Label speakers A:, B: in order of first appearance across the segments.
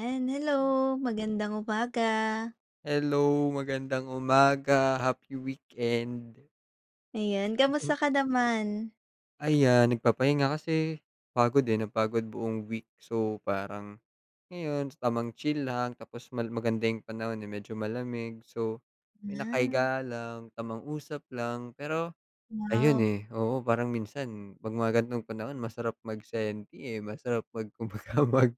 A: Ayan hello! Magandang umaga!
B: Hello! Magandang umaga! Happy weekend!
A: Ayan, kamusta ka naman?
B: Ayan nagpapahinga kasi pagod eh, napagod buong week so parang ngayon, tamang chill lang tapos mal maganda yung panahon eh, medyo malamig. So ako'y
A: Ah
B: nakahiga lang, tamang usap lang. Pero ayun
A: Wow!
B: eh, oo, parang minsan pag mga ganitong panahon masarap mag senti eh, masarap mag kumbaga mag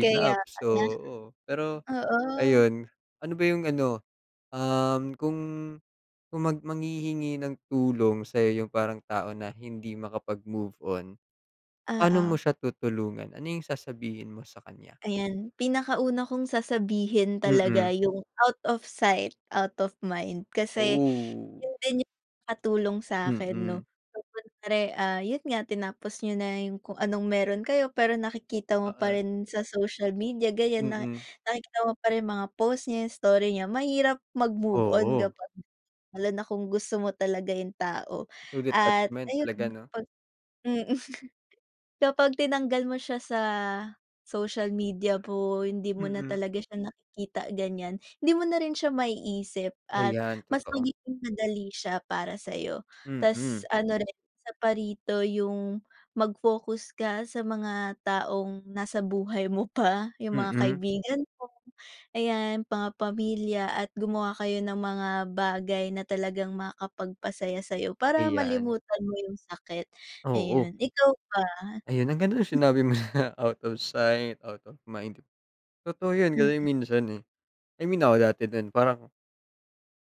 A: Kaya
B: So
A: pala.
B: oo, pero
A: Oo.
B: ayon, ano ba yung ano, um, kung kung mag manghihingi ng tulong sa'yo yung parang tao na hindi makapag-move on. Pa'no mo
A: Oo.
B: siya tutulungan? Ano yung sasabihin mo sa kanya?
A: Ayan, pinaka-una kong sasabihin talaga,
B: Mm.
A: yung out of sight, out of mind Kasi
B: Oh.
A: yun din yung nakatulong sa'kin
B: Mm.
A: 'no? Siyempre, ah, yun nga tinapos niyo na yung kung anong meron kayo pero nakikita mo pa
B: Oo.
A: rin sa social media ganyan na,
B: Mm.
A: nakikita mo pa rin mga post niya, yung story niya mahirap mag-move on
B: Oo.
A: kapag lalo na kung gusto mo talaga yung tao
B: Through
A: at
B: detachment
A: ayun,
B: talaga 'no?
A: mm. Kapag tinanggal mo siya sa social media mo, hindi mo na
B: Mm.
A: talaga siya nakikita ganyan, hindi mo na rin siya maiisip at
B: Ayan
A: mas
B: totoo.
A: magiging madali siya para sa'yo. Tas
B: Mm.
A: ano rin, isa pa rito yung mag-focus ka sa mga taong nasa buhay mo pa, yung mga
B: Mm.
A: kaibigan mo. Ayan, mga pamilya at gumawa kayo ng mga bagay na talagang makapagpasaya sa'yo para
B: Ayan.
A: malimutan mo yung sakit.
B: Oo.
A: Ayun, ikaw ba?
B: Ayan, ang ganda nung sinabi mo na out of sight out of mind Totoo yun
A: Mm.
B: kasi minsan eh, I mean ako dati din parang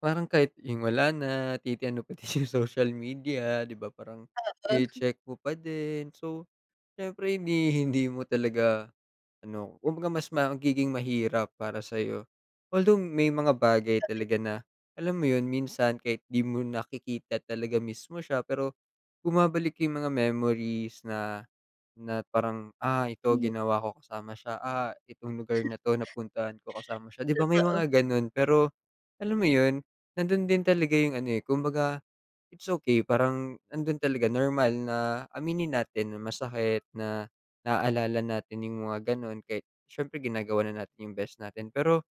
B: parang kahit yung wala na, titingnan pati sa social media 'di ba? Parang tsine-check mo pa din. So, siyempre hindi hindi mo talaga ano kumbaga mas magiging mahirap para sa'yo. Although may mga bagay talaga na alam mo yun minsan kahit di mo nakikita talaga mismo siya pero bumabalik yung mga memories na na parang, ah, ito ginawa ko kasama siya, ah, itong lugar na 'to napuntahan ko kasama siya. Di ba may
A: Oo.
B: mga ganun pero alam mo yun nandun din talaga yung ano eh, kumbaga, it's okey parang nandun talaga normal na aminin natin na masakit na naaalala natin yung mga ganun. Kahit siyempre ginagawa na natin yung best natin pero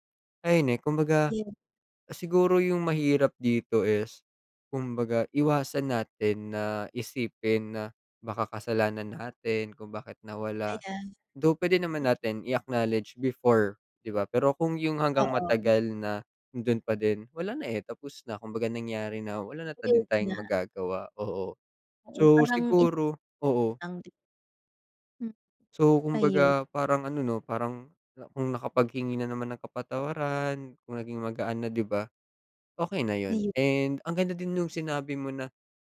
B: ayun eh. Kumbaga, siguro yung mahirap dito is kumbaga iwasan natin na isipin na baka kasalanan natin kung bakit nawala,
A: Ayan.
B: though puwede naman natin i-acknowledge before, 'di ba pero kung yong hanggang
A: Oo.
B: matagal na andon pa din wala na eh, tapos na kumbaga nangyari na wala na din tayong magagawa. Oo. So, siguro, oo. So
A: Ayun.
B: kumbaga parang ano 'no, Parang kung nakapaghingi na naman ng kapatawaran, kung naging magaan na 'di ba? Okey na yun and ang ganda din nung sinabi mo na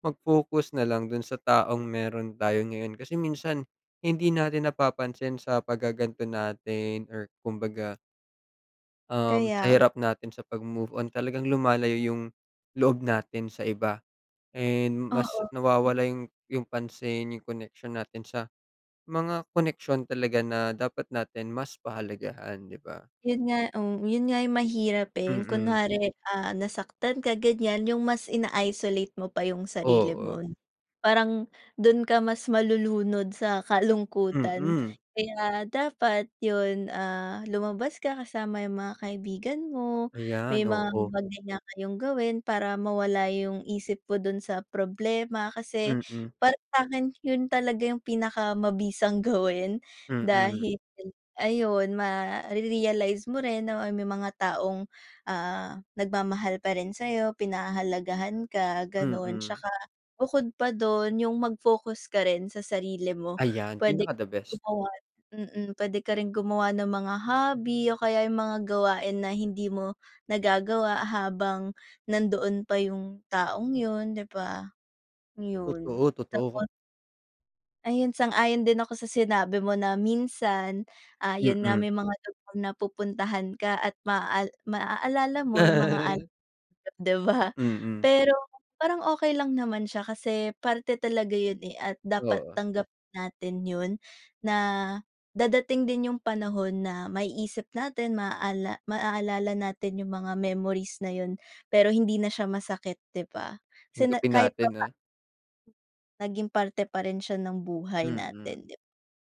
B: mag-focus na lang dun sa taong meron tayo ngayon kasi minsan hindi natin napapansin sa paggagan'to natin or kumbaga um, sa
A: Kaya.
B: hirap natin sa pag-move on talagang lumalayo yung loob natin sa iba and mas
A: Oo.
B: nawawala yung yung pansin yung koneksyon natin sa mga koneksyon talaga na dapat natin mas pahalagahan 'di ba?
A: Yun nga oh, yun nga yung mahirap eh. Yung
B: Mm.
A: kunwari, ah, nasaktan ka ganyan yung mas ina-isolate mo pa yung sarili
B: Oo.
A: mo. Parang dun ka mas malulunod sa kalungkutan,
B: Mm.
A: kaya dapat yon, ah, lumabas ka kasama yung mga kaibigan mo, may
B: Ayan,
A: mga
B: oo.
A: bagay na kayong gawin para mawala yong isip mo don sa problema. Kasi
B: Mm.
A: para sa akin yun talaga yung pinakamabisang gawin
B: Mm.
A: dahil ayun mare-realize mo rin na may mga taong, ah, nagmamahal pa rin sa'yo, pinahahalagahan ka ganon.
B: Mm.
A: Tsaka bukod pa dun yung mag-focus ka rin sa sarili mo.
B: Ayan!
A: Pwede
B: Pinaka the best.
A: gumawa, mm, pwede ka rin gumawa ng mga hobby o kaya yung mga gawain na hindi mo nagagawa habang nandoon pa yung taong yun, 'di ba? Yun
B: Totoo, totoo.
A: tapos. Ayun, sang-ayon din ako sa sinabi mo na minsan ah yun nga
B: Mm.
A: may mga lugar na pupuntahan ka at maa maaalala mo 'yong mga alaala niyo, di ba?
B: Mm.
A: Pero parang okey lang naman siya kasi parte talaga yon eh, at dapat
B: Oo.
A: tanggapin natin yon na dadating din yong panahon na maiisip natin, maaalala natin yong mga memories na yon pero hindi na siya masakit di ba? Sine
B: Tanggapin
A: kahit
B: natin ah.
A: papa Naging parte pa rin siya ng buhay
B: Mm.
A: natin 'di ba?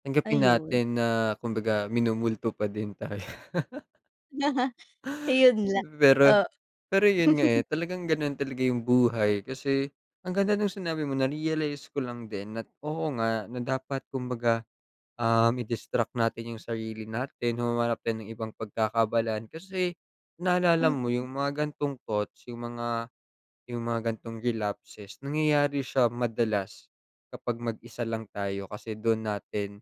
B: Tanggapin
A: Ayun.
B: natin na kumbaga minumulto pa din tayo.
A: Ayun lang.
B: Pero
A: Oo.
B: pero yun nga eh, talagang ganun talaga yung buhay kasi ang ganda nung sinabi mo na-realize ko lang din na oo nga na dapat kumbaga um, i-distract natin yung sarili natin. Humanap tayo ng ibang pagkakaabalahan kasi naalala mo yung mga gan'tong thoughts, yung mga yung mga gan'tong relapses nangyayari siya madalas kapag mag-isa lang tayo. Kasi dun natin,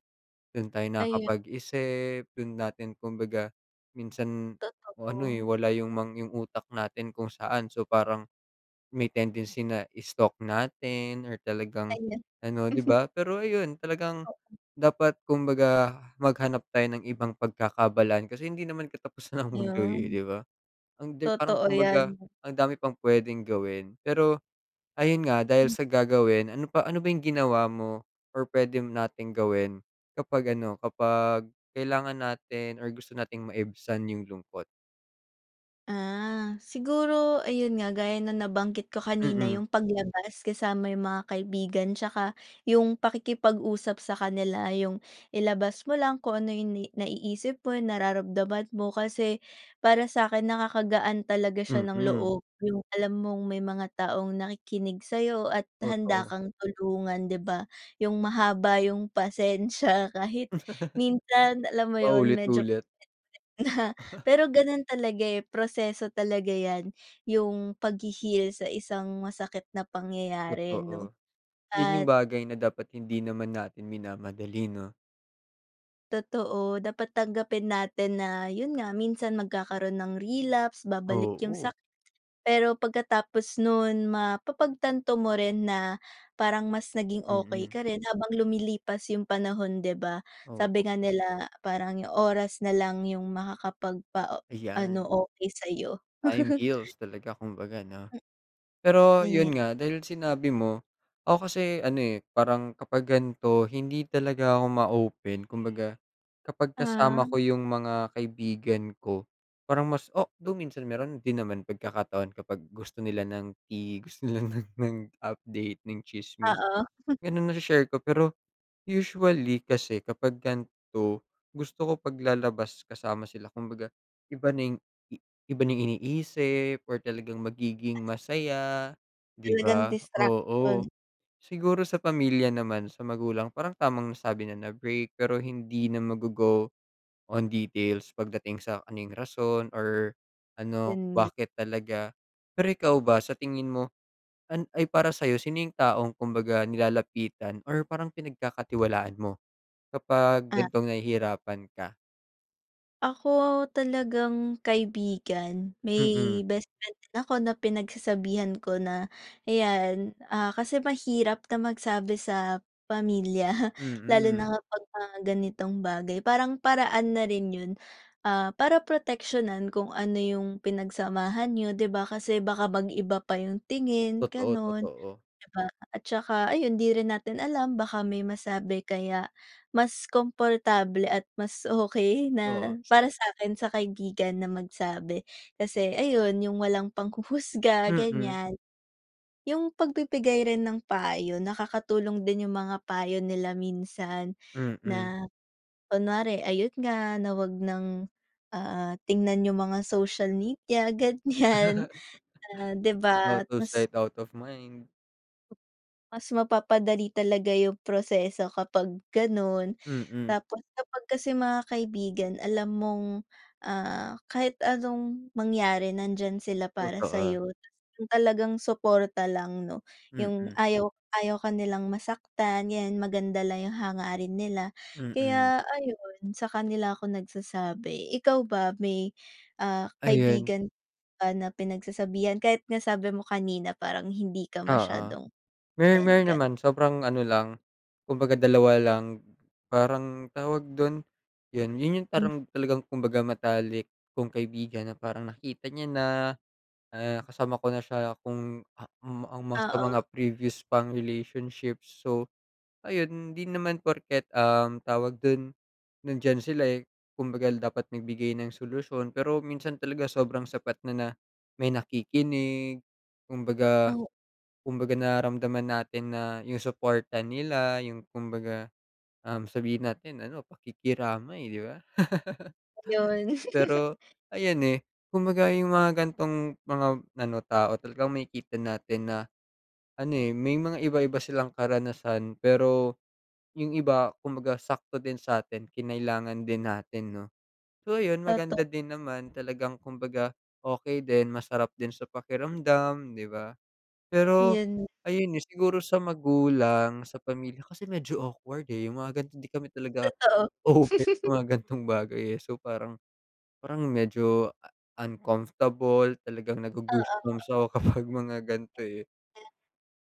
B: dun tayo
A: Ayun.
B: nakakapag-isip, dun natin kumbaga minsan ano eh,
A: Totoo.
B: wala yung yung utak natin kung saan so parang may tendency na stalk natin or talagang ano 'di ba? Pero ayun talagang dapat kumbaga maghanap tayo ng ibang pagkakaabalahan kasi hindi naman katapusan ng mundo eh,
A: Ayon.
B: 'di ba? Ang parang
A: Totoo yan
B: kumbaga,
A: 'no.
B: ang dami pang pwedeng gawin. Pero ayun nga dahil sa gagawin, ano pa ano ba yung ginawa mo or pwede nating gawin kapag ano, kapag kailangan natin or gusto nating maibsan yung lungkot?
A: Ah, siguro, ayun nga gaya ng nabanggit ko kanina,
B: Mm.
A: yung paglabas kasama yung mga kaibigan tsaka yung pakikipag-usap sa kanila, yung ilabas mo lang kung ano yung naiisip mo yung nararamdaman mo. Kasi para sa'kin nakakagaan talaga siya ng
B: Mm.
A: loob, yung alam mong may mga taong nakikinig sa'yo at handa
B: Totoo.
A: kang tulungan di ba? Yung mahaba yung pasensya kahit minsan alam mo yun medyo
B: Paulit-ulit.
A: [unintelligible] Pero ganun talaga eh, proseso talaga yan, yung paghi-heal sa isang masakit na pangyayari 'no
B: Totoo, yun yung
A: at
B: bagay na dapat hindi naman natin minamadali 'no?
A: Totoo, dapat tanggapin natin na yon nga, minsan magkakaroon ng relapse, babalik yong
B: Oo.
A: sakit pero pagkatapos non mapapagtanto mo rin na parang mas naging okey
B: Mm.
A: ka rin habang lumilipas yong panahon 'di ba? Sabi
B: Oo.
A: nga nila parang yong oras na lang yong makakapagpa-ano,
B: Ayan.
A: okey sa'yo.
B: Time heals talaga kumbaga 'no. Pero yun nga, dahil sinabi mo, ako kasi ano eh, parang kapag gan'to hindi talaga ako ma-open kumbaga kapag kasama
A: Ah.
B: ko yung mga kaibigan ko parang mas o though minsan meron din naman pagkakataon kapag gusto nila ng tea, gusto nila ng update, ng tsismis.
A: Oo.
B: Ganun, nashe-share ko pero usually kasi kapag gan'to, gusto ko paglalabas kasama sila kumbaga iba na yung i iba na yung iniisip or talagang magiging masaya 'di
A: Talagang
B: ba?
A: distraction.
B: Oo. Siguro sa pamilya naman, sa magulang parang tamang sabi na break pero hindi na maggo-go on details pagdating sa kung ano yung rason or ano
A: Ganyan.
B: bakit talaga. Pero ikaw ba sa tingin mo? An ay para sa'yo sino yung taong kumbaga nilalapitan or parang pinagkakatiwalaan mo kapag
A: Ah.
B: gan'tong nahihirapan ka?
A: Ako talagang kaibigan,
B: Mm.
A: may bestfriend din ako na pinagsasabihan ko na ayan, ah, kasi mahirap na magsabi sa pamilya lalo
B: Mm.
A: na kapag mga ganitong bagay. Parang paraan na rin yun, ah, para proteksiyonan kung ano yung pinagsamahan niyo 'di ba? Kasi baka mag-iba pa yung tingin,
B: Totoo,
A: ganon,
B: totoo.
A: 'di ba? At tsaka ayun di rin natin alam baka may masabi kaya mas komportable at mas okey na
B: Oo.
A: para sa'kin sa kaibigan na magsabi. Kasi ayun yung walang panghuhusga
B: Mm.
A: ganyan. Yung pagbibigay rin ng payo, nakakatulong din yung mga payo nila minsan,
B: Mm.
A: na kunware ayun nga, na 'wag ng, ah, tingnan yung mga social media ganyan, ah, 'di ba?
B: Out of
A: Mas
B: sight out of mind
A: Mas mapapadali talaga yung proseso kapag ganon.
B: Mm.
A: Tapos kapag kasi mga kaibigan alam mong, ah, kahit anong mangyari nandiyan sila para
B: Totoo.
A: sa'yo. Tapos yung talagang suporta lang 'no? Yung
B: Mm.
A: ayaw ayaw ka nilang masaktan, yan maganda lang yung hangarin nila.
B: Mm.
A: Kaya ayon sa kanila ako nagsasabi. Ikaw ba may, ah,
B: Ayan.
A: kaibigan ka ba na pinagsasabihan kahit nga sabi mo kanina parang hindi ka
B: Oo,
A: masyadong
B: mer
A: open,
B: meron
A: ganun?
B: naman. Sobrang ano lang, kumbaga dalawa lang. Parang tawag dun yan, yun yung
A: Hm.
B: parang talagang kumbaga matalik kong kaibigan na parang nakita niya na, ah, kasama ko na siya kung, ah, um, almost sa
A: Oo.
B: mga previous pang relationships. So ayun di naman porket, um, tawag dun nandiyan sila eh, kumbaga dapat nagbigay ng solusyon pero minsan talaga sobrang sapat na may nakikinig kumbaga, kumbaga nararamdaman natin na yung suporta nila, yung kumbaga, um, sabihin natin ano pakikiramay 'di ba.
A: Ayon.
B: Pero ayan eh, kumbaga yung mga gan'tong mga ano tao talagang makikita natin na ano eh, may mga iba-iba silang karanasan. Pero yung iba kumbaga sakto din sa'tin kinailangan din natin 'no. So ayun,
A: Toto
B: maganda din naman talagang kumbaga okey din masarap din sa pakiramdam 'di ba? Pero
A: Yon.
B: ayun eh, siguro sa magulang, sa pamilya kasi medyo awkward eh, yung mga gan'tong di kami talaga
A: Totoo.
B: open sa mga gan'tong bagay eh, so parang parang medyo uncomfortable talagang nago-goosebumps
A: Oo.
B: ako kapag mga gan'to eh.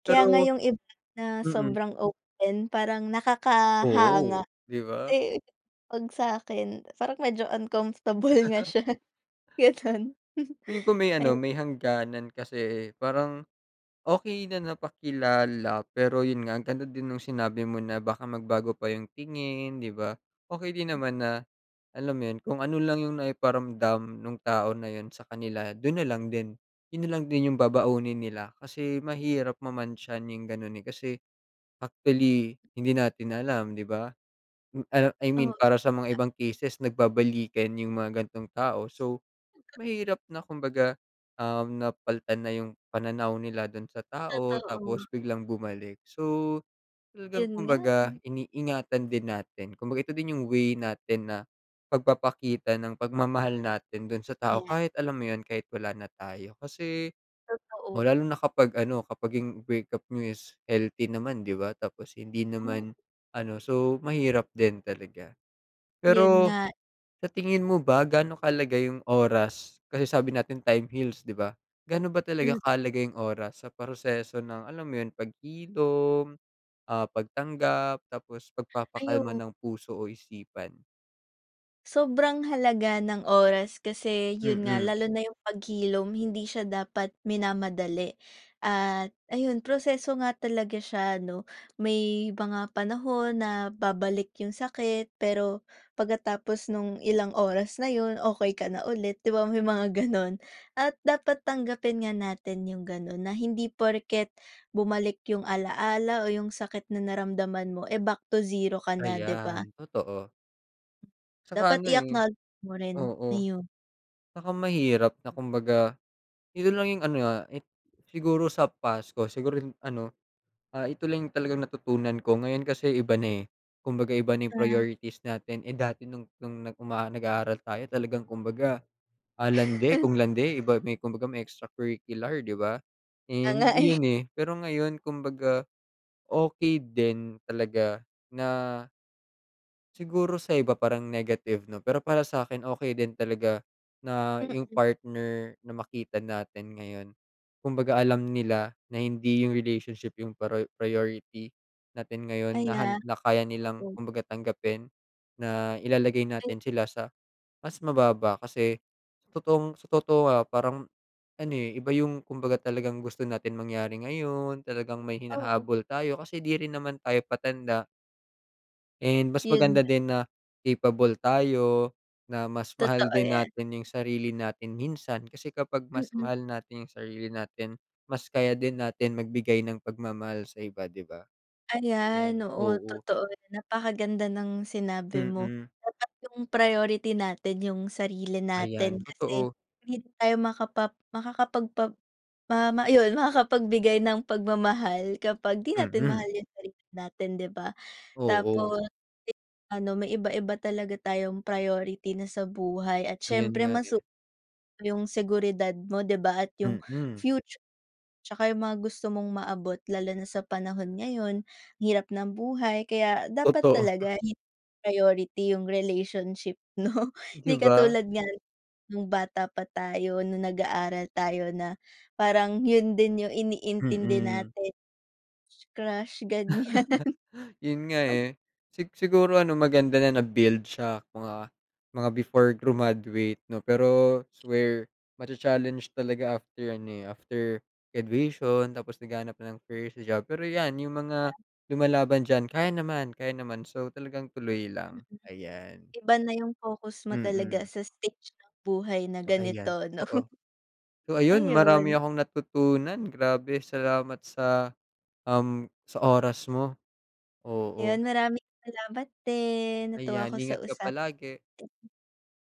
A: Kaya nga
B: Pero
A: yong iba na
B: mm.
A: sobrang open parang nakakahanga.
B: Oo, 'di ba?
A: Eh, 'pag sa'kin, parang medyo uncomfortable nga siya, gano'n
B: Feeling ko may ano
A: ayun.
B: may hangganan, kasi parang okey na napakilala pero yon nga ang ganda din ng sinabi mo na baka magbago pa yong tingin, 'di ba? Okey din naman na alam mo yun, kung ano lang 'yong naiparamdam nung tao na yon sa kanila don na lang din. Yon na lang din yong babaunin nila kasi mahirap mamantsahan yong ganon eh. Kasi actually hindi natin alam 'di ba? Ano, I
A: Oo.
B: mean para sa mga
A: [unintelligible]
B: ibang cases nagbabalikan yung mga gan'tong tao. So, mahirap na kumbaga, um, napalitan na yung pananaw nila dun sa tao
A: Totoo.
B: tapos biglang bumalik. So, talagang
A: Yon nga
B: kumbaga
A: eh.
B: iniingatan din natin kumbaga ito din yung way natin na pagpapakita ng pagmamahal natin dun sa tao
A: Ayan.
B: kahit alam mo yun, kahit wala na tayo kasi,
A: Totoo.
B: lalo na kapag ano kapag yung break up niyo is healthy naman 'di ba? Tapos hindi
A: Hmm.
B: naman ano, so mahirap din talaga.
A: Yun
B: Pero
A: nga.
B: sa tingin mo ba gaano kahalaga yong oras, kasi sabi natin time heals 'di ba? Ga'no ba talaga
A: M
B: kahalaga yong oras sa proseso ng alam mo yon paghilom, ah, pagtanggap, tapos pagpapakalma
A: Ayun.
B: ng puso o isipan?
A: Sobrang halaga ng oras kasi yun nga
B: Mm.
A: lalo na yung paghilom hindi siya dapat minamadali at ayun proseso nga talaga siya 'no? May mga panahon na babalik yung sakit, pero pagkatapos nung ilang oras na 'yon, okey ka na ulit, 'di ba may mga ganun? At dapat tanggapin nga natin yung ganun, na hindi porket bumalik yung alaala o yung sakit na naramdaman mo, eh, back to zero ka na 'di
B: Ayan,
A: ba?
B: totoo. Tsaka
A: Dapat
B: ano eh.
A: i-acknowledge mo rin.
B: Oo,
A: Iyon.
B: tsaka mahirap na kumbaga ito lang yong ano, ah, it siguro sa past ko siguro ano, ito lang talagang natutunan ko ngayon kasi iba na eh. Kumbaga iba na yong priorities natin eh, dati nong nong umaa nag-aaral tayo talagang kumbaga, ah, landi kung landi iba may kumbaga may extracurricular 'di ba?
A: Kaya nga
B: And
A: eh.
B: 'yon eh, pero ngayon kumbaga, okey din talaga na Siguro sa iba parang negative na, pero para sa'kin okey din talaga, na yung partner na makita natin ngayon. Kumbaga alam nila na hindi yung relationship yung prio priority natin ngayon
A: Ay
B: na
A: ah,
B: han na kaya nilang
A: oo.
B: kumbaga tanggapin na ilalagay natin sila sa mas mababa kasi sa totoong totoo ah, parang ano eh, iba yung kumbaga talagang gusto natin mangyari ngayon, talagang may
A: Oo.
B: hinahabol tayo kasi di rin naman tayo patanda. And mas
A: Yun
B: maganda
A: nga.
B: din na capable tayo, na mas mahal
A: Totoo
B: din
A: yan.
B: natin yung sarili natin minsan. Kasi kapag mas
A: Mm.
B: mahal natin yung sarili natin mas kaya din natin magbigay ng pagmamahal sa iba 'di ba?
A: Ayan,
B: Ayan,
A: oo,
B: oo.
A: totoo. Napakaganda ng sinabi mo.
B: Mm.
A: Dapat yung priority natin yung sarili
B: Ayan,
A: natin kasi
B: totoo.
A: hindi tayo makapa makakapagpa ma ayun makakapagbigay ng pagmamahal kapag di natin mahal
B: Mm.
A: yung sarili natin 'di ba?
B: Oo.
A: Tapos ano may iba-iba na talaga tayong priority na sa buhay at
B: Ayun
A: siyempre
B: nga
A: mas
B: eh.
A: [unintelligible] yung seguridad mo 'di ba at yung
B: Mm.
A: future tsaka yung mga gusto mong maabot lalo na sa panahon ngayon, hirap ng buhay kaya dapat
B: Totoo.
A: talaga hindi ipriority yung relationship 'no.
B: Di
A: Hindi
B: ba?
A: katulad nga nung bata pa tayo, nung nag-aaral tayo na parang yun din yung iniintindi
B: Mm.
A: natin, crush-crush ganyan.
B: Yun nga eh. Sig siguro ano, maganda na na-build siya mga mga before grumaduate 'no? Pero swear, macha-challenge talaga after ano eh, after graduation tapos naghahanap na ng first job. Pero yan, yung mga lumalaban diyan kaya naman, kaya naman so talagang tuloy lang, ayan.
A: Iba na yung focus mo talaga
B: Mm.
A: sa stage ng buhay na
B: Oh, ayan
A: ganito 'no,
B: totoo. So ayun, marami
A: ayun.
B: akong natutunan. Grabe! salamat sa, um, sa oras mo. Oo.
A: Ayun, maraming salamat din. Natuwa
B: Ayan,
A: ako sa
B: ingat ka
A: usapan
B: palagi!
A: natin.